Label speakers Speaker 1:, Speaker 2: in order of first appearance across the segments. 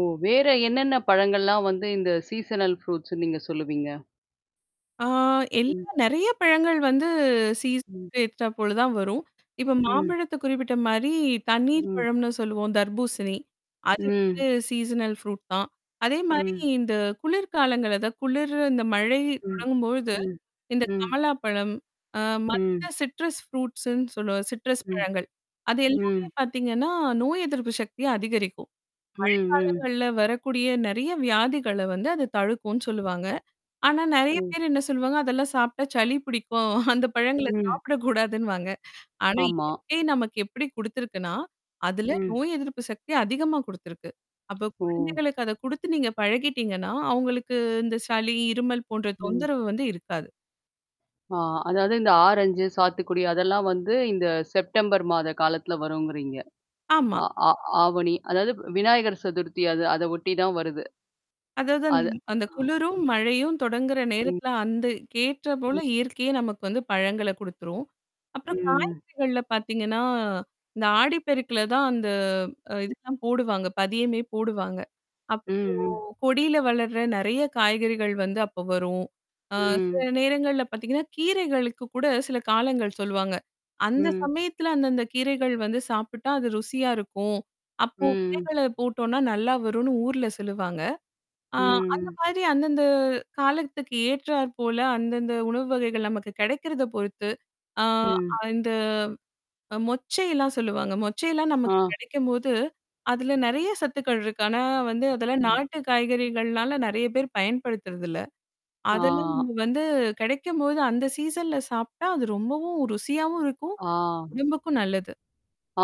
Speaker 1: ஓ! வேற என்னென்ன பழங்கள்லாம் வந்து இந்த சீசனல் ஃப்ரூட்ஸ்ன்னு நீங்க சொல்லுவீங்க?
Speaker 2: ஆ
Speaker 1: ம்.
Speaker 2: எல்லாம் நெறைய பழங்கள் வந்து
Speaker 1: ம்.
Speaker 2: சீசனக்கு ஏற்றார் போல தான் வரும். இப்ப
Speaker 1: ம்.
Speaker 2: மாம்பழத்த குறிப்பிட்ட மாரி, தண்ணீர்
Speaker 1: ம்.
Speaker 2: பழம்னு சொல்லுவோம் தர்பூசணி. அது வந்து
Speaker 1: ம்.
Speaker 2: சீசனல் ஃப்ரூட் தான். அதே மாரி
Speaker 1: ம்.
Speaker 2: இந்த குளிர்காலங்கள், அதா குளிரு இந்த மழை
Speaker 1: ம்,
Speaker 2: தொடங்கும்பொழுது,
Speaker 1: ம்,
Speaker 2: இந்த
Speaker 1: ம்.
Speaker 2: கமலா பழம். ஆ
Speaker 1: ம்.
Speaker 2: மத்த சிட்ரஸ் ஃப்ரூட்ஸ்ன்னு சொல்லுவோம். சிட்ரஸ்
Speaker 1: ம்.
Speaker 2: பழங்கள். அது எல்லாமே
Speaker 1: ம்.
Speaker 2: பாத்தீங்கன்னா, நோய் எதிர்ப்பு சக்திய அதிகரிக்கும்.
Speaker 1: ம், ம்.
Speaker 2: மழைக்காலங்கள்ல வரக்கூடிய நெறைய வியாதிகள வந்து அது தடுக்கும்னு சொல்லுவாங்க. ஆனா நெறைய
Speaker 1: ம்.
Speaker 2: பேர் என்ன சொல்லுவாங்க, அதெல்லாம் சாப்டா சளி பிடிக்கும். அந்த பழங்கள
Speaker 1: ம்.
Speaker 2: சாப்பிடக்கூடாதுன்னுவாங்க. ஆனா,
Speaker 1: ஆமா.
Speaker 2: இயற்கை நமக்கு எப்படி குடுத்துருக்கனா? அதுல
Speaker 1: ம்.
Speaker 2: நோய் எதிர்ப்பு சக்தி அதிகமா குடுத்திருக்கு. அப்ப
Speaker 1: ஓ!
Speaker 2: குழந்தைகளுக்கு அத குடுத்து நீங்க பழகிடீங்கன்னா, அவங்களுக்கு இந்த சளி, இருமல் போன்ற
Speaker 1: ம்.
Speaker 2: தொந்தரவு வந்து இருக்காது.
Speaker 1: ஆ! அதாவது இந்த ஆரஞ்சு, சாத்துக்குடி அதெல்லாம் வந்து, இந்த செப்டம்பர் மாத காலத்துல வருங்கிறீங்க.
Speaker 2: ஆமா.
Speaker 1: அ ஆ ஆவணி அதாவது விநாயகர் சதுர்த்தி அது அத ஒட்டி தான் வருது.
Speaker 2: அதாவது அந்த
Speaker 1: அது
Speaker 2: அந்த
Speaker 1: ஆ
Speaker 2: குளிரும்,
Speaker 1: ம்.
Speaker 2: மழையும் தொடங்குற
Speaker 1: ம்.
Speaker 2: நேரத்துல அந்த கேற்ற
Speaker 1: ம்.
Speaker 2: போல இயற்கையே நமக்கு வந்து பழங்கள குடுத்துரும். அப்புறம்
Speaker 1: ம்.
Speaker 2: காய்கறிகள்ல பாத்தீங்கன்னா, இந்த ஆடிப்பெருக்குல தான் அந்த அ இதுக்கெல்லாம் போடுவாங்க. பதியமே போடுவாங்க. அப்போ
Speaker 1: ம், ம்.
Speaker 2: கொடியில வளர்ற நெறைய காய்கறிகள் வந்து அப்போ வரும். ஆ
Speaker 1: ம்.
Speaker 2: சில நேரங்கள்ல பாத்தீங்கன்னா, கீரைகளுக்கு கூட சில காலங்கள் சொல்வாங்க. அந்த
Speaker 1: ம்.
Speaker 2: சமயத்துல அந்த அந்த கீரைகள் வந்து சாப்பிட்டா அது ருசியா இருக்கும். அப்போ
Speaker 1: ம்.
Speaker 2: விதைகள போட்டோனா நல்லா வருன்னு ஊர்ல சொல்லுவாங்க. ஆ அந்த
Speaker 1: ம்.
Speaker 2: மாதிரி அந்தந்த காலத்துக்கு ஏற்றார் போல அந்தந்த உணவு வகைகள் நமக்கு கெடைக்கிறத பொறுத்து. ஆ
Speaker 1: ம்.
Speaker 2: அந்த மொச்சைலாம் சொல்லுவாங்க. மொச்சையெல்லாம் நமக்கு
Speaker 1: ஆ.
Speaker 2: கெடைக்கும்போது அதுல நெறைய சத்துக்கள் இருக்கு. ஆனா வந்து அதெல்லாம்
Speaker 1: ம்.
Speaker 2: நாட்டு காய்கறிகள்னால நெறைய பேர் பயன்படுத்துறதில்ல. அதெல்லாம்
Speaker 1: ஆ.
Speaker 2: நம்ம வந்து கெடைக்கும்போது அந்த சீசன்ல சாப்டா அது ரொம்பவும் ருசியாவும் இருக்கும்.
Speaker 1: ஆ.
Speaker 2: உடம்புக்கும் நல்லது.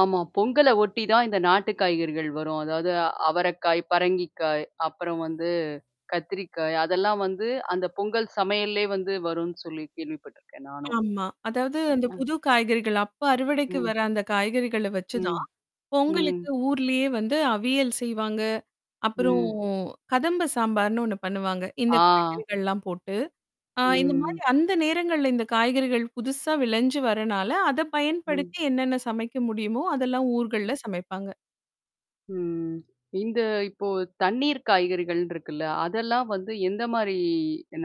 Speaker 1: ஆமா. பொங்கல ஒட்டி தான் இந்த நாட்டு காய்கறிகள் வரும். அதாவது அவரக்காய், பரங்கிக்காய் அப்புறம் வந்து கத்திரிக்காய் அதெல்லாம் வந்து, அந்த பொங்கல் சமையல்லே வந்து வரும்னு சொல்லி கேள்விப்பட்டுருக்கேன் நானும்.
Speaker 2: ஆமா. அதாவது அந்த புது காய்கறிகள் அப்ப அறுவடைக்கு
Speaker 1: ம்.
Speaker 2: வர அந்த காய்கறிகள வச்சுதான்.
Speaker 1: ம், ம்.
Speaker 2: பொங்கலுக்கு ஊர்லயே வந்து அவியல் செய்வாங்க. அப்புறம்
Speaker 1: ம்.
Speaker 2: கதம்ப சாம்பார்னு ஒண்ணு பண்ணுவாங்க. இந்த
Speaker 1: ஆ.
Speaker 2: காய்கறிகள்லாம் போட்டு ஆ இந்த மாரி
Speaker 1: ம்.
Speaker 2: அந்த நேரங்கள்ல இந்த காய்கறிகள் புதுசா விளஞ்சு வர்றனால, அத
Speaker 1: ம்.
Speaker 2: பயன்படுத்தி என்னென்ன சமைக்க முடியுமோ, அதெல்லாம்
Speaker 1: ம்ஹ்.
Speaker 2: ஊர்கள்ல சமைப்பாங்க.
Speaker 1: ம். இந்த இப்போ தண்ணீர் காய்கறிகள்னு இருக்குல்ல? அதெல்லாம் வந்து எந்த மாரி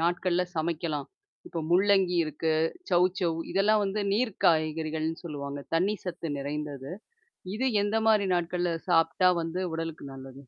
Speaker 1: நாட்கள்ல சமைக்கலாம்? இப்ப முள்ளங்கி இருக்கு, சௌச்சௌ, இதெல்லாம் வந்து நீர் காய்கறிகள்னு சொல்லுவாங்க. தண்ணீர் சத்து நிறைந்தது. இது எந்த மாரி நாட்கள்ல சாப்ட்டா வந்து உடலுக்கு நல்லது?